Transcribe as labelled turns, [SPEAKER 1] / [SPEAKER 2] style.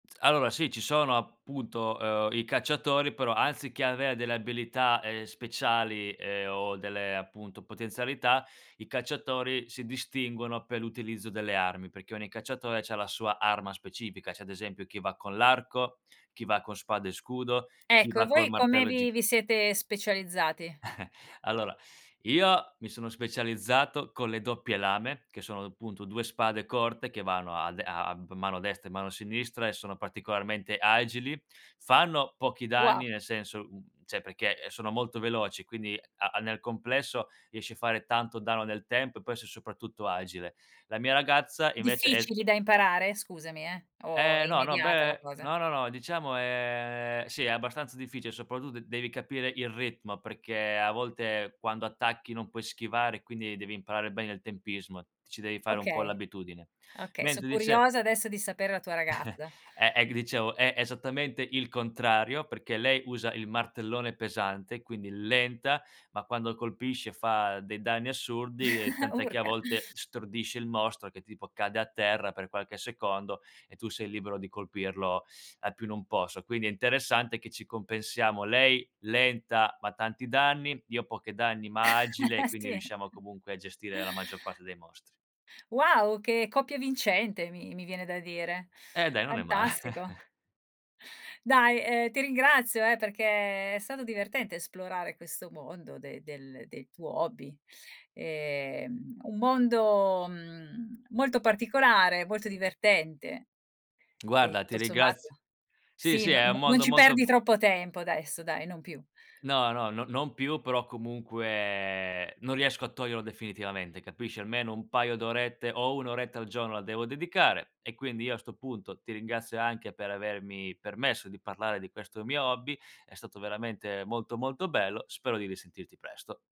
[SPEAKER 1] Allora sì, ci sono appunto, ehm, i cacciatori, però anziché avere delle abilità, ehm, speciali e o delle appunto potenzialità, i cacciatori si distinguono per l'utilizzo delle armi, perché ogni cacciatore c'ha la sua arma specifica. C'è ad esempio chi va con l'arco, chi va con spada e scudo, chi
[SPEAKER 2] Ecco, e
[SPEAKER 1] va col
[SPEAKER 2] voi come
[SPEAKER 1] martello
[SPEAKER 2] vi
[SPEAKER 1] giga
[SPEAKER 2] vi siete specializzati?
[SPEAKER 1] Allora io mi sono specializzato con le doppie lame, che sono appunto 2 spade corte che vanno a de a a m mano destra e mano sinistra e sono particolarmente agili. Fanno pochi
[SPEAKER 2] Wo
[SPEAKER 1] danni, nel senso, mhmm, cioè perché, eh, sono molto veloci, quindi a a nel complesso riesci a fare tanto danno nel tempo e poi sei soprattutto agile. La mia ragazza invece è s
[SPEAKER 2] Difficili da imparare? Scusami, eh, o è
[SPEAKER 1] Eh no, no,
[SPEAKER 2] immediata la
[SPEAKER 1] beh
[SPEAKER 2] cosa?
[SPEAKER 1] no, no, no, diciamo è sì è abbastanza difficile, soprattutto devi capire il ritmo, perché a volte quando attacchi non puoi schivare, quindi devi imparare bene il tempismo, ti ci devi fare un po'
[SPEAKER 2] Okay.
[SPEAKER 1] l'abitudine.
[SPEAKER 2] Okay, so'
[SPEAKER 1] Mentre dice
[SPEAKER 2] curiosa adesso di sapere la tua ragazza.
[SPEAKER 1] È è g ti dicevo, è esattamente il contrario, perché lei usa il martellone pesante, quindi lenta, ma quando colpisce fa dei danni assurdi, e tant'è che a
[SPEAKER 2] Urca.
[SPEAKER 1] volte stordisce il mostro che tipo cade a terra per qualche secondo e tu sei libero di colpirlo a più non posso. Quindi è interessante che ci compensiamo: lei lenta, ma tanti danni, io pochi danni, ma agile, quindi
[SPEAKER 2] Sì.
[SPEAKER 1] riusciamo comunque a gestire la maggior parte dei mostri.
[SPEAKER 2] Wow, che coppia vincente mi mi viene da dire.
[SPEAKER 1] Eh dai, non è ma
[SPEAKER 2] Fantastico. Dai, ehm, ti ringrazio eh, perché è stato divertente esplorare questo mondo de del del tuo hobby. Ehm, un mondo, mhmm, molto particolare, molto divertente e
[SPEAKER 1] Guarda, ti
[SPEAKER 2] tu sommato
[SPEAKER 1] ringrazio. Sì,
[SPEAKER 2] sì,
[SPEAKER 1] sì,
[SPEAKER 2] no
[SPEAKER 1] è un
[SPEAKER 2] no non
[SPEAKER 1] mondo
[SPEAKER 2] ci
[SPEAKER 1] molto
[SPEAKER 2] perdi
[SPEAKER 1] be
[SPEAKER 2] troppo tempo adesso dai, non più.
[SPEAKER 1] No, no, no non più, però comunque non riesco a toglierlo definitivamente, capisci. Almeno un paio d'orette o 1 oretta al giorno la devo dedicare, e quindi io a sto punto ti ringrazio anche per avermi permesso di parlare di questo mio hobby. È stato veramente molto, molto bello. Spero di risentirti presto.